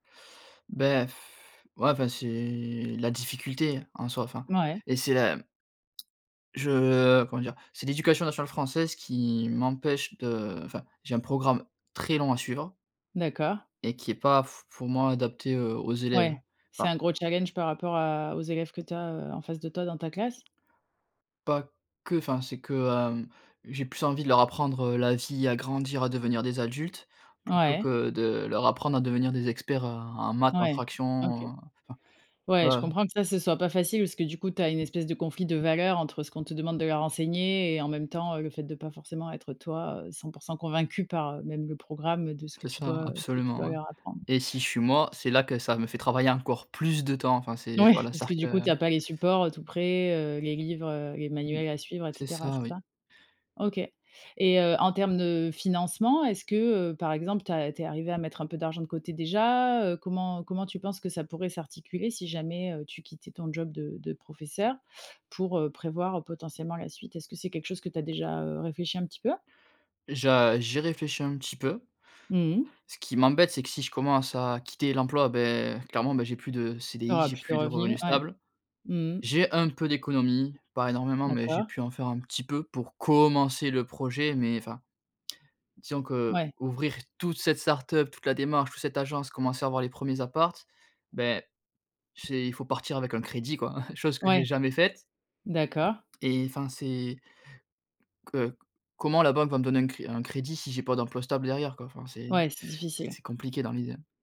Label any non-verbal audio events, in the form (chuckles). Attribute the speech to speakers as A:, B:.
A: Beh, (sighs) ouais enfin, c'est la difficulté en soi, enfin,
B: Mouais.
A: et c'est la, mmh je comment dire? C'est l'éducation nationale française qui m'empêche de enfin, j'ai un programme très long à suivre
B: D'accord.
A: et qui est pas f pour moi, adapté, heu, aux
B: Ouais,
A: élèves,
B: c'est
A: enfin.
B: un gros challenge par rapport à aux élèves que tu as, heu, en face de toi, dans ta classe.
A: Pas que, enfin, c'est que, hem, j'ai plus envie de leur apprendre, heu, la vie, à grandir, à devenir des adultes plutôt
B: Ouais.
A: que de leur apprendre à devenir des experts, heu, en maths, en
B: Ouais, OK.
A: fraction, heu, enfin, tu
B: Ouais, je
A: vois, heu
B: comprends que ça, ce soit pas facile parce que du coup, tu as une espèce de conflit de valeur entre ce qu'on te demande de leur enseigner et en même temps, heu, le fait de pas forcément être toi, heu, 100 % convaincu par, heu, même le programme de ce que
A: C'est
B: tu
A: ça,
B: dois, heu, ce que tu
A: absolument,
B: dois
A: ouais,
B: leur apprendre.
A: et si je suis, moi, c'est là que ça me fait travailler encore plus de temps. Enfin c'est
B: Mouais,
A: voilà,
B: parce que,
A: c'est-à-dire
B: du coup, tu
A: que
B: as pas les supports, heu, tout prêts, heu, les livres, heu, les
A: Mmh,
B: manuels à suivre et
A: c'est
B: cetera,
A: ça,
B: c'est
A: oui.
B: ça? OK, et heu, en termes de financement, est ce que, heu, par exemple, tu as tu es arrivé à mettre un peu d'argent de côté déjà, heu, comment comment tu penses que ça pourrait s'articuler si jamais, heu, tu quittais ton job de de professeur pour, heu, prévoir potentiellement la suite? Est-ce que c'est quelque chose que tu as déjà, heu, réfléchi un petit peu?
A: Je j'y réfléchis un petit peu.
B: Mmh mh.
A: Ce qui m'embête, c'est que si je commence à quitter l'emploi, beh, clairement, bah, j'ai plus de
B: Tu
A: CDI,
B: auras
A: j'ai
B: plus de
A: plus de
B: revenus,
A: revenus
B: ouais.
A: stables.
B: Mmh mh.
A: J'ai un peu d'économie, pas énormément mais j'ai
B: D'accord.
A: pu en faire un petit peu pour commencer le projet mais enfin, disons
B: Ouais.
A: qu'ouvrir toute cette start-up, toute la démarche, toute cette agence, commencer à avoir les 1ers apparts, beh, c'est il faut partir avec un crédit quoi, (chuckles) chose que j'ai
B: Ouais,
A: jamais faite.
B: d'accord.
A: Et enfin, c'est heu, comment la banque va me donner un cré un crédit, si j'ai pas d'emploi stable derrière, quoi? Enfin c'est
B: Ouais, c'est difficile.
A: c'est compliqué dans l'idée.